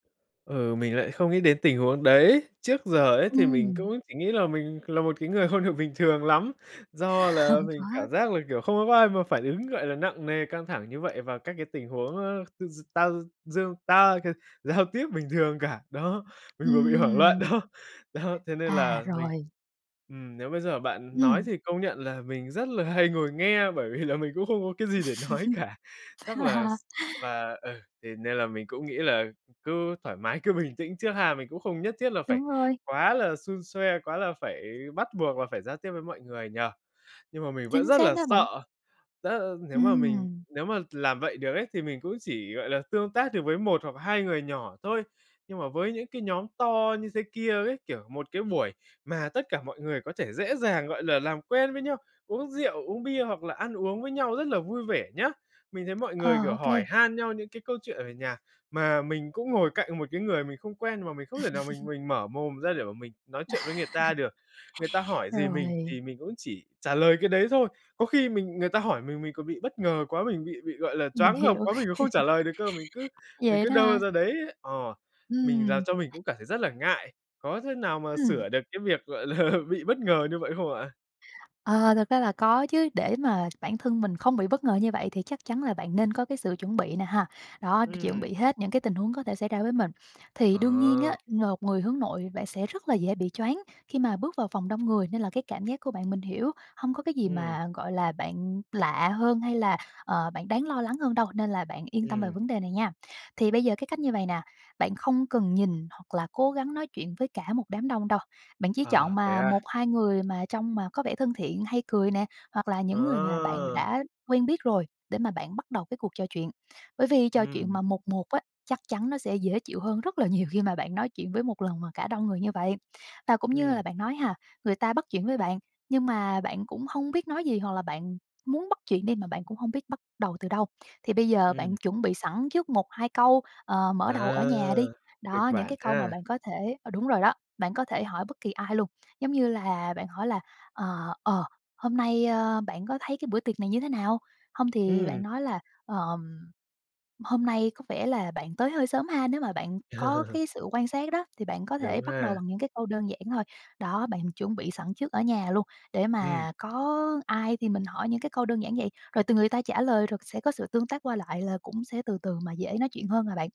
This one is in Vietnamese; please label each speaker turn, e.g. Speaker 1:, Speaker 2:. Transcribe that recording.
Speaker 1: Ừ, mình lại không nghĩ đến tình huống đấy. Trước giờ ấy thì mình
Speaker 2: Ừm.
Speaker 1: cũng chỉ nghĩ là mình là một cái người không được bình thường lắm do là
Speaker 2: Hông có.
Speaker 1: mình cảm giác là, kiểu, không có có ai mà phản ứng, gọi là, nặng nề, căng thẳng như vậy và các cái tình huống, ơ, d tao dương tao c giao tiếp bình thường cả. Đó, mình vừa bị hoảng loạn
Speaker 2: Ừm.
Speaker 1: đó. Đó, thế nên
Speaker 2: À,
Speaker 1: là mình,
Speaker 2: rồi.
Speaker 1: ừm, nếu bây giờ bạn nói
Speaker 2: Ừm.
Speaker 1: thì công nhận là mình rất là hay ngồi nghe bởi vì là mình cũng không có cái gì để nói cả. Chắc là s và ừ, thế nên là mình cũng nghĩ là cứ thoải mái, cứ bình tĩnh trước ha. Mình cũng không nhất thiết là phải
Speaker 2: Đúng rồi.
Speaker 1: quá là xun xoe, quá là phải bắt buộc là phải giao tiếp với mọi người nhỉ? Nhưng mà mình vẫn
Speaker 2: Chính
Speaker 1: rất
Speaker 2: xác
Speaker 1: là
Speaker 2: đó bạn.
Speaker 1: sợ, rất, ơ, nếu mà mình
Speaker 2: Ừm.
Speaker 1: nếu mà làm vậy được ấy thì mình cũng chỉ, gọi là, tương tác được với một hoặc hai người nhỏ thôi. Nhưng mà với những cái nhóm to như thế kia ấy, kiểu, một cái buổi mà tất cả mọi người có thể dễ dàng, gọi là, làm quen với nhau, uống rượu, uống bia, hoặc là ăn uống với nhau rất là vui vẻ nhá. Mình thấy mọi người,
Speaker 2: Ờ,
Speaker 1: kiểu,
Speaker 2: ô kê.
Speaker 1: hỏi han nhau những cái câu chuyện ở nhà, mà mình cũng ngồi cạnh một cái người mình không quen mà mình không thể nào mình mình mở mồm ra để mà mình nói chuyện với người ta được. Người ta hỏi gì mình thì
Speaker 2: Rồi.
Speaker 1: mình cũng chỉ trả lời cái đấy thôi, có khi mình người ta hỏi mình, mình còn bị bất ngờ quá, mình bị bị, gọi là,
Speaker 2: Mình
Speaker 1: choáng ngợp
Speaker 2: hiểu.
Speaker 1: quá. Mình còn không trả lời được cơ, mình cứ mình
Speaker 2: Vậy
Speaker 1: cứ
Speaker 2: đó
Speaker 1: đơ
Speaker 2: hả?
Speaker 1: ra đấy. Ờ. Mình làm
Speaker 2: Ừm.
Speaker 1: cho mình cũng cảm thấy rất là ngại. Có thế nào mà
Speaker 2: Ừm.
Speaker 1: sửa được cái việc, gọi là, bị bất ngờ như vậy không ạ?
Speaker 2: Ờ, thực ra là có chứ để mà bản thân mình không bị bất ngờ như vậy thì chắc chắn là bạn nên có cái sự chuẩn bị nè ha. Đó, chuẩn
Speaker 1: Ừm.
Speaker 2: bị hết những cái tình huống có thể xảy ra với mình. Thì đương nhiên
Speaker 1: Ồ.
Speaker 2: á, một người hướng nội bạn sẽ rất là dễ bị choáng khi mà bước vào phòng đông người nên là cái cảm giác của bạn mình hiểu hông có cái gì
Speaker 1: Ừm.
Speaker 2: mà, gọi là, bạn lạ hơn hay là, ờ, bạn đáng lo lắng hơn đâu, nên là bạn yên tâm về
Speaker 1: Ừm.
Speaker 2: vấn đề này nha. Thì bây giờ cái cách như vầy nè, bạn không cần nhìn hoặc là cố gắng nói chuyện với cả một đám đông đâu. Bạn chỉ
Speaker 1: À.
Speaker 2: chọn
Speaker 1: Thế
Speaker 2: mà
Speaker 1: à?
Speaker 2: một hai người mà trông mà có vẻ thân thiện hay cười nè hoặc là những người mà bạn
Speaker 1: Ờ.
Speaker 2: đã quen biết rồi để mà bạn bắt đầu cái cuộc trò chuyện bởi vì trò chuyện
Speaker 1: Ừm.
Speaker 2: mà 1-1 á, chắc chắn nó sẽ dễ chịu hơn rất là nhiều khi mà bạn nói chuyện với một lần mà cả đông người như vậy. Và cũng như
Speaker 1: Ừm.
Speaker 2: là bạn nói ha, người ta bắt chuyện với bạn nhưng mà bạn cũng hông biết nói gì hoặc là bạn muốn bắt chuyện đi mà bạn cũng hông biết bắt đầu từ đâu. Thì bây giờ bạn
Speaker 1: Ừm.
Speaker 2: chuẩn bị sẵn trước một hai câu, ờ, mở đầu ở nhà đi,
Speaker 1: À. Kịch
Speaker 2: đó, những
Speaker 1: bản
Speaker 2: cái câu mà
Speaker 1: ha.
Speaker 2: bạn có thể, ờ đúng rồi đó, bạn có thể hỏi bất kỳ ai luôn giống như là bạn hỏi là, ờ, ờ, "Hôm nay, ơ, bạn có thấy cái bữa tiệc này như thế nào?" Hông thì bạn
Speaker 1: Ừm.
Speaker 2: nói là, ờm, "Hôm nay có vẻ là bạn tới hơi sớm ha", nếu mà bạn có cái sự quan sát đó thì bạn có thể
Speaker 1: Đúng
Speaker 2: bắt
Speaker 1: ha.
Speaker 2: đầu bằng những cái câu đơn giản thôi. Đó, bạn chuẩn bị sẵn trước ở nhà luôn để
Speaker 1: Ừm.
Speaker 2: mà có ai thì mình hỏi những cái câu đơn giản vậy, rồi từ người ta trả lời rồi sẽ có sự tương tác qua lại là cũng sẽ từ từ mà dễ nói chuyện hơn mà bạn.